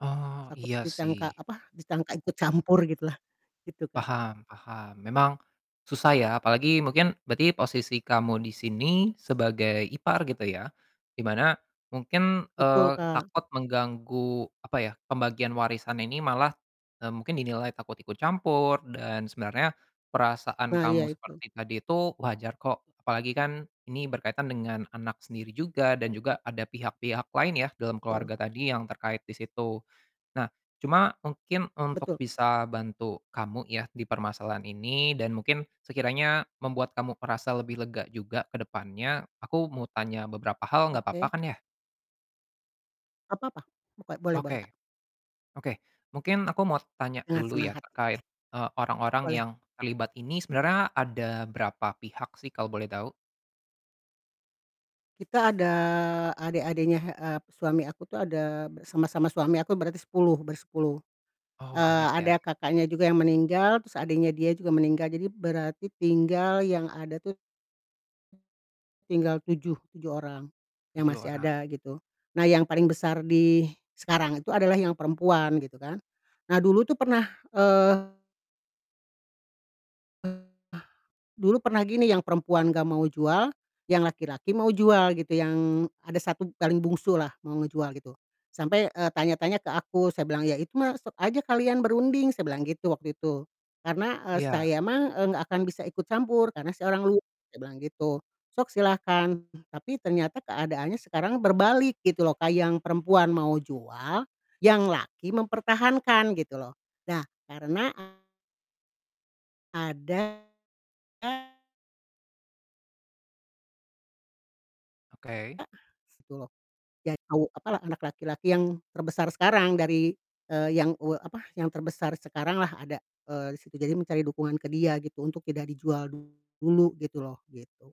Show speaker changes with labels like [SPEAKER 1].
[SPEAKER 1] Oh
[SPEAKER 2] Takut
[SPEAKER 1] iya
[SPEAKER 2] ditangka
[SPEAKER 1] sih.
[SPEAKER 2] apa disangka ikut campur gitulah, gitu, Kak.
[SPEAKER 1] Paham paham memang, susah ya apalagi mungkin berarti posisi kamu di sini sebagai ipar gitu ya, di mana mungkin, eee,
[SPEAKER 2] Betul, Kak.
[SPEAKER 1] takut mengganggu apa ya, pembagian warisan ini malah, eee, mungkin dinilai takut ikut campur dan sebenarnya, perasaan
[SPEAKER 2] Nah iya
[SPEAKER 1] kamu
[SPEAKER 2] itu.
[SPEAKER 1] seperti tadi itu wajar kok apalagi kan ini berkaitan dengan anak sendiri juga dan juga ada pihak-pihak lain ya dalam keluarga
[SPEAKER 2] Betul.
[SPEAKER 1] tadi yang terkait di situ, nah cuma mungkin untuk
[SPEAKER 2] Betul.
[SPEAKER 1] bisa bantu kamu ya di permasalahan ini dan mungkin sekiranya membuat kamu merasa lebih lega juga ke depannya aku mau tanya beberapa hal nggak papa
[SPEAKER 2] Oke.
[SPEAKER 1] kan ya?
[SPEAKER 2] Apa apa? Boke boleh boleh, Kak.
[SPEAKER 1] Oke, oke mungkin aku mau tanya
[SPEAKER 2] Dengan
[SPEAKER 1] dulu
[SPEAKER 2] senang
[SPEAKER 1] ya
[SPEAKER 2] hati
[SPEAKER 1] terkait,
[SPEAKER 2] ya.
[SPEAKER 1] eee, orang-orang
[SPEAKER 2] Boleh.
[SPEAKER 1] yang terlibat ini sebenarnya ada berapa pihak sih kalau boleh tahu?
[SPEAKER 2] Kita ada adik-adiknya, he eee, p suami aku tuh ada b sama sama suami aku berarti 10 bersepuluh,
[SPEAKER 1] Oh
[SPEAKER 2] eee,
[SPEAKER 1] banyak ya.
[SPEAKER 2] ada kakaknya juga yang meninggal, terus adiknya dia juga meninggal, jadi berarti tinggal yang ada tuh tinggal 7, 7 orang, yang
[SPEAKER 1] 7
[SPEAKER 2] masih
[SPEAKER 1] orang.
[SPEAKER 2] ada gitu, nah yang paling besar di, sekarang itu adalah yang perempuan gitu kan, nah dulu tuh pernah, eee, dulu pernah gini yang perempuan enggak mau jual, yang laki-laki mau jual gitu yang ada satu b paling bungsu lah mau ngejual gitu, sampai, eee, tanya-tanya ke aku saya bilang, "Ya itu mah sok aja kalian berunding," saya bilang gitu waktu itu, "karena, eee,
[SPEAKER 1] Iya.
[SPEAKER 2] saya mah, eee, enggak akan bisa ikut campur karena saya orang luar," saya bilang gitu. Sok silakan tapi ternyata keadaannya sekarang berbalik gitu loh, Kak, yang perempuan mau jual, yang laki mempertahankan gitu loh, nah karena ada
[SPEAKER 1] Oke.
[SPEAKER 2] A se tuh loh, ya tau apalah, anak laki-laki yang terbesar sekarang dari, eee, yang u apa yang terbesar sekarang lah ada, eee, di situ jadi mencari dukungan ke dia gitu untuk tidak dijual dulu gitu loh, gitu.